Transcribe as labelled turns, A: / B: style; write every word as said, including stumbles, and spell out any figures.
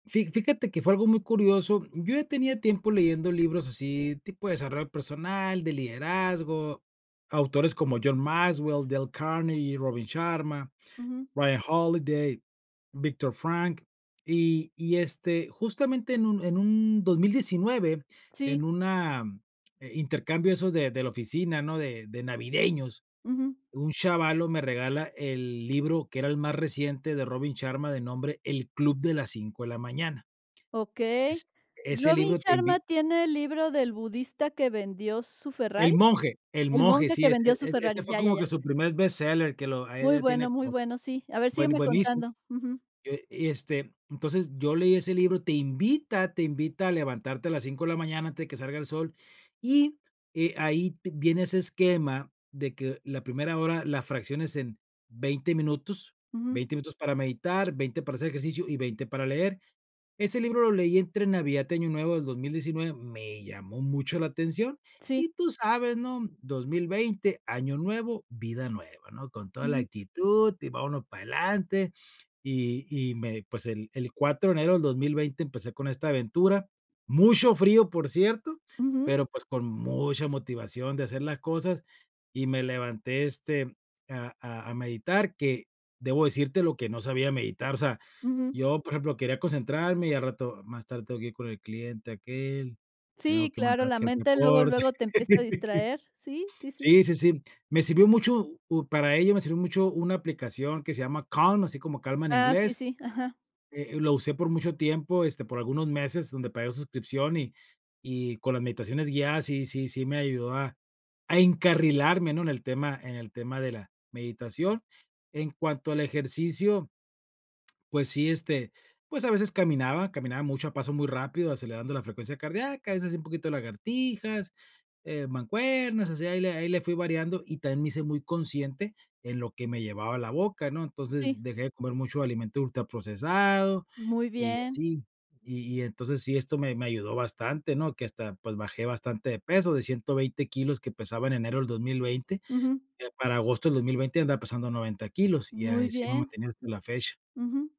A: Fi fíjate que fue algo muy curioso. Yo ya tenía tiempo leyendo libros así, tipo de desarrollo personal, de liderazgo. Autores como John Maxwell, Dale Carnegie, Robin Sharma,
B: Ujú.
A: Ryan Holiday, Viktor Frankl. Y y, este, justamente en un en un dos mil diecinueve, en
B: Sí.
A: una eh, intercambio de esos de de la oficina, ¿no? De de navideños,
B: Ujú.
A: un chavalo me regala el libro, que era el más reciente de Robin Sharma, de nombre El club de las cinco de la mañana. Es
B: Okey.
A: Ese
B: ¿Robin
A: libro te invi
B: Sharma tiene el libro del budista que vendió su
A: El
B: Ferrari?
A: monje. El
B: El
A: monje,
B: monje
A: sí.
B: que
A: Es-e
B: vendió su
A: ese
B: Ferrari.
A: fue
B: Ya, ya,
A: como
B: ya.
A: que su primer bestseller, que lo ahí
B: Muy
A: ya tiene
B: bueno, muy
A: como
B: bueno. Sí. A ver,
A: bue
B: sígueme
A: buenísimo.
B: contando. Ujú.
A: Eh, y, este, entonces, yo leí ese libro. Te invita te invita a levantarte a las cinco de la mañana antes de que salga el sol. Y, eh, ahí vi viene ese esquema de que la primera hora la fracciones en veinte minutos.
B: Ujú.
A: veinte minutos para meditar, veinte para hacer ejercicio y veinte para leer. Ese libro lo leí entre Navidad y Año Nuevo del dos mil diecinueve. Me llamó mucho la atención
B: Sí.
A: y tú sabes, ¿no? dos mil veinte, Año Nuevo, vida nueva, ¿no? Con toda la
B: Ujú.
A: actitud y vámonos para adelante. Y y me pues, el el cuatro de enero del dos mil veinte empecé con esta aventura. Mucho frío, por cierto,
B: Ujú.
A: pero, pues, con mucha motivación de hacer las cosas. Y me levanté, este, a a a meditar, que debo decírtelo que no sabía meditar. O sea,
B: Ujú.
A: yo, por ejemplo, quería concentrarme y al rato más tarde: "Tengo que ir con el cliente aquel, tengo
B: Sí,
A: que
B: claro.
A: mandar
B: La
A: aquel
B: mente luego
A: reporte."
B: luego te empieza a distraer. Sí. Sí, sí.
A: Sí, sí, sí. Me sirvió mucho, pu para ello me sirvió mucho una aplicación que se llama Calm, así como calma en
B: Ah, sí,
A: inglés,
B: sí. Ajá.
A: eh, lo usé por mucho tiempo, este, por algunos meses, donde pagué suscripción y y con las meditaciones guiadas sí sí sí me ayudó a a encarrilarme, ¿no? En el tema en el tema de la meditación. En cuanto al ejercicio, pues sí, este, pues a veces caminaba. Caminaba mucho, a paso muy rápido, acelerando la frecuencia cardíaca. A veces un poquito lagartijas, eh, mancuernas. Así ahí le ahí le fui variando. Y también me hice muy consciente en lo que me llevaba a la boca, ¿no? Entonces,
B: Sí.
A: dejé de comer mucho alimento ultraprocesado
B: Muy
A: y
B: bien.
A: así. Y y entonces sí, esto me me ayudó bastante, ¿no? Que hasta, pues bajé bastante de peso, de ciento veinte kilos que pesaba en enero del dos mil veinte,
B: Ujú.
A: que para agosto del dos mil veinte andaba pesando noventa kilos y,
B: Muy
A: así me he
B: bien.
A: mantenido hasta la fecha.
B: Ujú.